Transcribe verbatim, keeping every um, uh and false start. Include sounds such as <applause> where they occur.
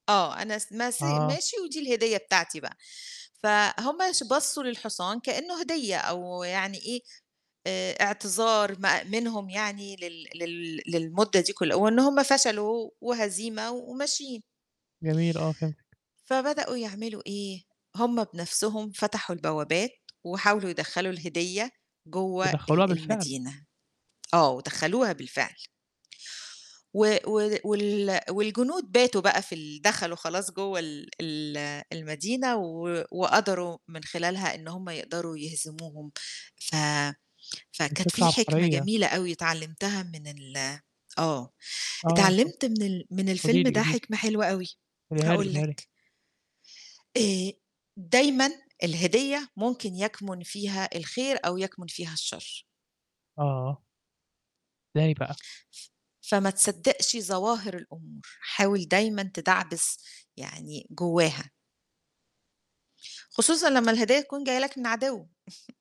آه، أنا س ماسي آه. ماشي ودي الهدية بتاعتي بقى. فهم ش بُصّوا للحصان كإنّه هدية أو يعني إيه، آآ إعتذار ما منهم يعني لل لل للمدّة دي كل وإن هم فشلوا وهزيمة و وماشيين. جميل آه، فهمتِك. فبدؤوا يعملوا إيه، هم بنَفْسهم فتحوا البوّابات وحاولوا يدخّلوا الهدية جوّه ودخّلوها ال بالفعل؟ المدينة. آه، ودخّلوها بالفعل. و و وال والجنود باتوا بقى في ال دخلوا خلاص جوّه ال ال المدينة و وقدروا من خلالها إن هم يقدروا يهزموهم. ف مت فكانت فكرة في حِكمة عبقريّة. جميلة أوي اتعلِّمتها من ال آه، آه، اتفض اتعلِّمت من ال من قولي الفيلم لي، ده قولي لي. حِكمة حلوة أوي، قوليها لي، هاقول قوليها لي. لك. آآ دايمًا الهدية ممكن يَكْمُن فيها الخير أو يَكْمُن فيها الشَر. آه. إزاي بقى؟ فما تصدّقش ظواهر الأمور، حاول دايمًا تدعبِس يعني جوّاها. خصوصًا لمّا الهداية تكون جاية لك من عَدو. <chuckles>